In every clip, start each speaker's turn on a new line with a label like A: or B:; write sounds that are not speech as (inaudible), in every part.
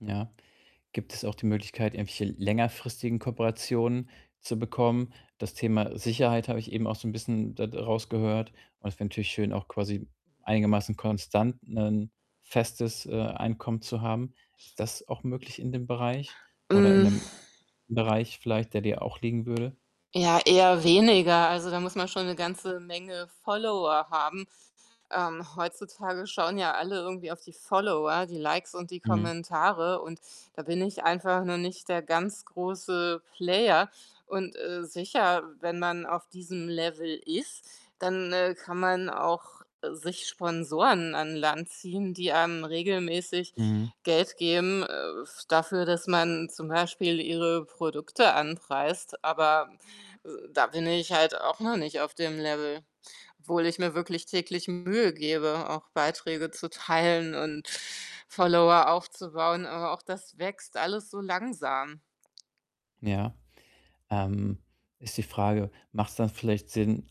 A: Ja. Gibt es auch die Möglichkeit, irgendwelche längerfristigen Kooperationen zu bekommen? Das Thema Sicherheit habe ich eben auch so 'n bisschen da d rausgehört und es wäre natürlich schön, auch quasi einigermaßen konstant 'nen festes, äh, Einkommen, zu haben. Ist das auch möglich in dem Bereich oder in
B: Hm.
A: 'nem Bereich vielleicht, der dir auch liegen würde?
B: Ja, eher weniger. Also, da muss man schon 'ne ganze Menge Follower haben. Ähm, heutzutage schauen ja alle irgendwie auf die Follower, die Likes und die
A: Mhm.
B: Kommentare und da bin ich einfach noch nicht der ganz große Player. Und, äh, sicher, wenn man auf diesem Level ist, dann, äh, kann man auch sich Sponsoren an Land ziehen, die einem regelmäßig
A: Mhm.
B: Geld geben, äh, f dafür, dass man zum Beispiel ihre Produkte anpreist, aber da bin ich halt auch noch nicht auf dem Level, obwohl ich mir wirklich täglich Mühe gebe, auch Beiträge zu teilen und Follower aufzubauen. Aber auch das wächst alles so langsam.
A: Ja, ähm, ist die Frage, macht's dann vielleicht Sinn,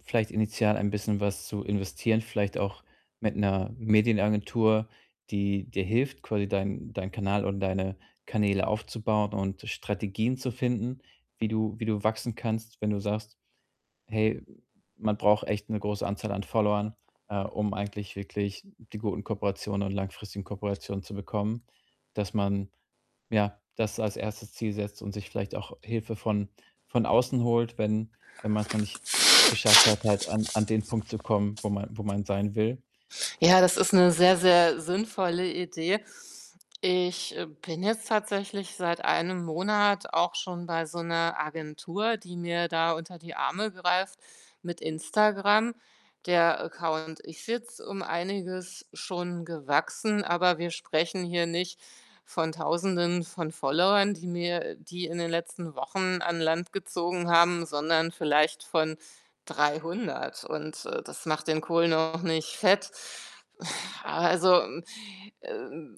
A: vielleicht initial ein bisschen was zu investieren, vielleicht auch mit 'ner Medienagentur, die dir hilft, quasi deinen deinen Kanal und deine Kanäle aufzubauen und Strategien zu finden, wie du wie du wachsen kannst, wenn du sagst: „Hey, man braucht echt 'ne große Anzahl an Followern, äh, um eigentlich wirklich die guten Kooperationen und langfristigen Kooperationen zu bekommen.“ Dass man, ja, das als 1. Ziel setzt und sich vielleicht auch Hilfe von von außen holt, wenn wenn man's noch nicht geschafft hat, halt an an den Punkt zu kommen, wo man wo man sein will.
B: Ja, das ist 'ne sehr, sehr sinnvolle Idee. Ich, äh, bin jetzt tatsächlich seit 1 Monat auch schon bei so 'ner Agentur, die mir da unter die Arme greift mit Instagram. Der Account ist jetzt um einiges schon gewachsen, aber wir sprechen hier nicht von Tausenden von Followern, die mir die in den letzten Wochen an Land gezogen haben, sondern vielleicht von 300. Und, äh, das macht den Kohl noch nicht fett. (groans) Also, m äh,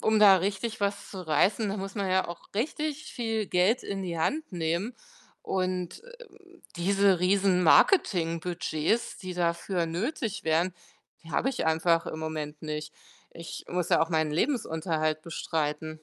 B: um da richtig was zu reißen, da muss man ja auch richtig viel Geld in die Hand nehmen. Und, äh, diese Riesenmarketingbudgets, die dafür nötig wären, die habe ich einfach im Moment nicht. Ich muss ja auch meinen Lebensunterhalt bestreiten.